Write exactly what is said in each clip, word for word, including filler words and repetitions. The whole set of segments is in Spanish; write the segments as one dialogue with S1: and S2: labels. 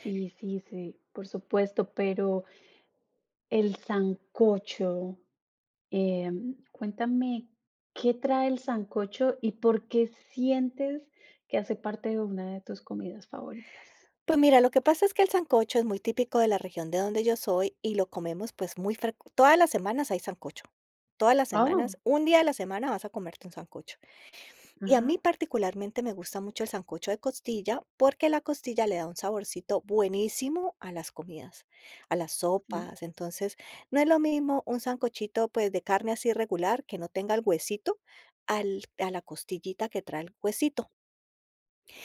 S1: Sí, sí, sí, por supuesto, pero el sancocho, eh, cuéntame, ¿qué trae el sancocho y por qué sientes que hace parte de una de tus comidas favoritas?
S2: Pues mira, lo que pasa es que el sancocho es muy típico de la región de donde yo soy, y lo comemos, pues, muy frec todas las semanas hay sancocho. Todas las semanas,
S1: Oh.
S2: un día a la semana vas a comerte un sancocho. Y a
S1: Ajá.
S2: mí, particularmente, me gusta mucho el sancocho de costilla, porque la costilla le da un saborcito buenísimo a las comidas, a las
S1: Sí.
S2: sopas. Entonces, no es lo mismo un sancochito, pues, de carne así regular, que no tenga el huesito, al a la costillita que trae el huesito.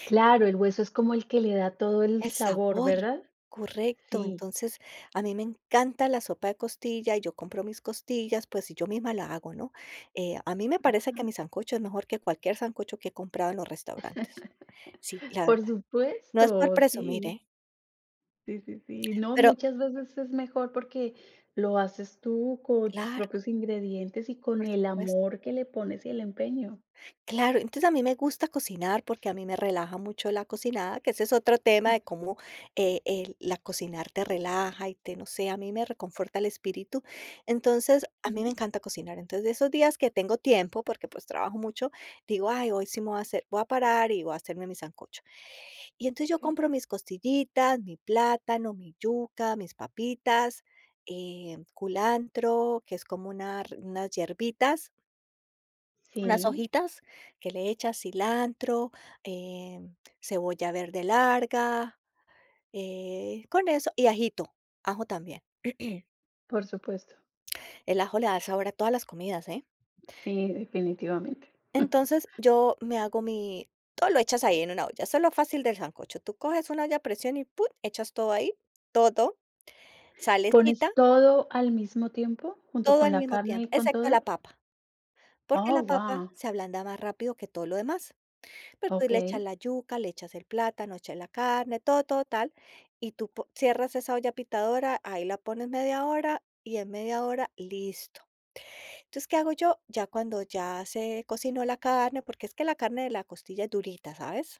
S1: Claro, el hueso es como el que le da todo el
S2: El
S1: sabor,
S2: sabor,
S1: ¿verdad?
S2: correcto.
S1: Sí.
S2: Entonces, a mí me encanta la sopa de costilla y yo compro mis costillas, pues, y yo misma la hago, ¿no? Eh, a mí me parece que
S1: Ajá.
S2: mi sancocho es mejor que cualquier sancocho que he comprado en los restaurantes. Sí, la
S1: Por
S2: verdad. No es por
S1: supuesto,
S2: presumir,
S1: sí.
S2: ¿eh?
S1: Sí, sí, sí, no,
S2: Pero
S1: muchas veces es mejor porque lo haces tú con tus
S2: Claro.
S1: propios ingredientes y con
S2: Por
S1: el
S2: supuesto.
S1: amor que le pones y el empeño.
S2: Claro, entonces a mí me gusta cocinar porque a mí me relaja mucho la cocinada, que ese es otro tema de cómo, eh, el, la cocinar te relaja y te, no sé, a mí me reconforta el espíritu. Entonces, a mí me
S1: Ujú.
S2: encanta cocinar, entonces, de esos días que tengo tiempo, porque, pues, trabajo mucho, digo: "Ay, hoy sí me voy a hacer, voy a parar y voy a hacerme mi sancocho". Y entonces yo
S1: Okey.
S2: compro mis costillitas, mi plátano, mi yuca, mis papitas, eh, culantro, que es como unar unas hierbitas unas
S1: Sí.
S2: hojitas, que le echas cilantro, em, cebolla verde larga, eh con eso y ajito, ajo también.
S1: Por supuesto.
S2: El ajo le da sabor a todas las comidas, ¿eh?
S1: Sí, definitivamente.
S2: Entonces, yo me hago mi todo lo echas ahí, en una olla, eso lo fácil del sancocho. Tú coges un olla a presión y pum, echas todo ahí, todo, todo,
S1: ¿Pones
S2: salecita
S1: todo al mismo tiempo, junto
S2: todo
S1: con
S2: al
S1: la
S2: mismo
S1: carne
S2: tiempo,
S1: y con
S2: excepto la
S1: todo?
S2: papa, porque la
S1: Oh,
S2: papa
S1: guau.
S2: se ablanda más rápido que todo lo demás. Después le echas
S1: Okey.
S2: la yuca, le echas el plátano, echas la carne, todo, todo, tal, y tú po cierras esa olla pitadora, ahí la pones media hora, y en media hora, listo. Entonces, ¿qué hago yo? Ya cuando, ya se cocinó la carne, porque es que la carne de la costilla es durita, ¿sabes?